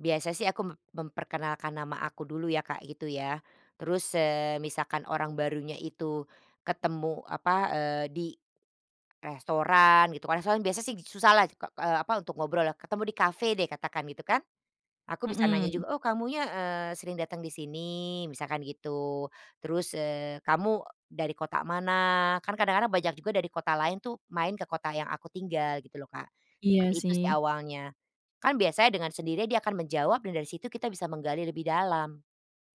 Biasa sih aku mem memperkenalkan nama aku dulu ya, Kak, gitu ya. Terus, eee, misalkan orang barunya itu ketemu apa eee, di restoran gitu, kalo restoran biasa sih susah lah kok ke, eee, apa untuk ngobrol ya. Ketemu di kafe deh katakan gitu kan, aku bisa nanya Mhm. juga, "Oh, kamunya, eee, sering datang di sini?" Misalkan gitu. Terus eee, "Kamu dari kota mana?" Kan kadang-kadang banyak juga dari kota lain tuh, main ke kota yang aku tinggal gitu loh, Kak. Seperti Iya itu sih sih. awalnya. Kan biasanya dengan sendirinya dia akan menjawab dan dari situ kita bisa menggali lebih dalam.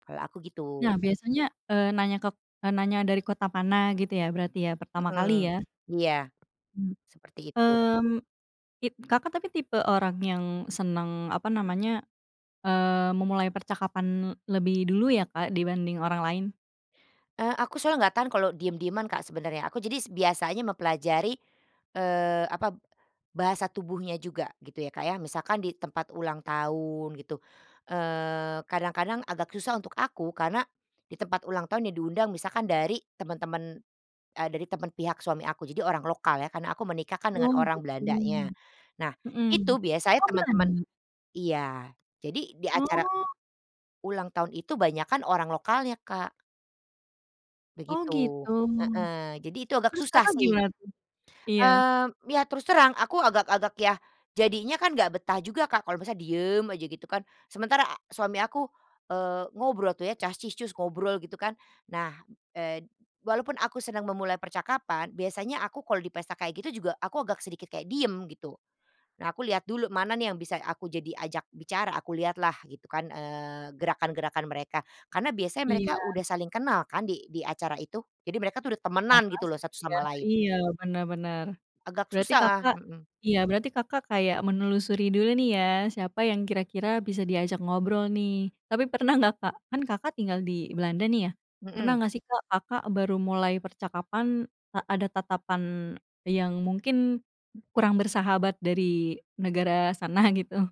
Kalau aku gitu. Nah, biasanya, eee, nanya kek eee, nanya dari kota pana gitu ya, berarti ya, pertama kali Mhm ya? iya, Mmm seperti itu. mmm, kit Kakak, tapi tipe orang yang senang, apa namanya, eee, memulai percakapan lebih dulu ya, Kak, dibanding orang lain? Eee, aku soalnya enggak tahan kalau diem-dieman, Kak, sebenarnya, aku jadi biasanya mempelajari, eee, apa, bahasa tubuhnya juga gitu ya, Kak, ya. Misalkan di tempat ulang tahun gitu, eee, kadang-kadang agak susah untuk aku, karena di tempat ulang tahun yang diundang misalkan dari teman-teman, eee, dari teman pihak suami aku, jadi orang lokal ya, kan aku menikah kan dengan Oh, orang gitu Belandanya. Nah, itu mhm. biasanya Oh, teman-teman Belanda? iya, jadi di acara Oh. ulang tahun itu banyakan orang lokalnya, Kak. Oh, Begitu, gitu, heeh, jadi itu agak terus susah Kakak, sih. gimana tuh? Iya. Eee, ya terus terang aku agak-agak yah jadinya kan enggak betah juga, Kak, kalau misalnya diem aja gitu kan. Sementara suami aku, eee, ngobrol tuh ya, cas-cis-cus, ngobrol gitu kan. Nah, eee, walaupun aku senang memulai percakapan, biasanya aku kalau di pesta kayak gitu juga, aku agak sedikit kayak diem, gitu. Nah, aku lihat dulu mana nih yang bisa aku jadi ajak bicara, aku lihatlah gitu kan eee, gerakan-gerakan mereka. Karena biasanya mereka Iya. udah saling kenal kan di di acara itu, jadi mereka tuh udah Ya, temenan gitu loh, pasti satu dia sama lain. iya, bener bener. Agak Berarti susah Kakak, mhm. iya berarti Kakak, kayak menelusuri dulu nih ya, siapa yang kira-kira bisa diajak ngobrol nih. Tapi, pernah enggak, Kak, kan Kakak, tinggal di Belanda nih ya, pernah Mhm. enggak sih, Kak, Kakak baru mulai percakapan a ada tatapan yang mungkin kurang bersahabat dari negara sana gitu?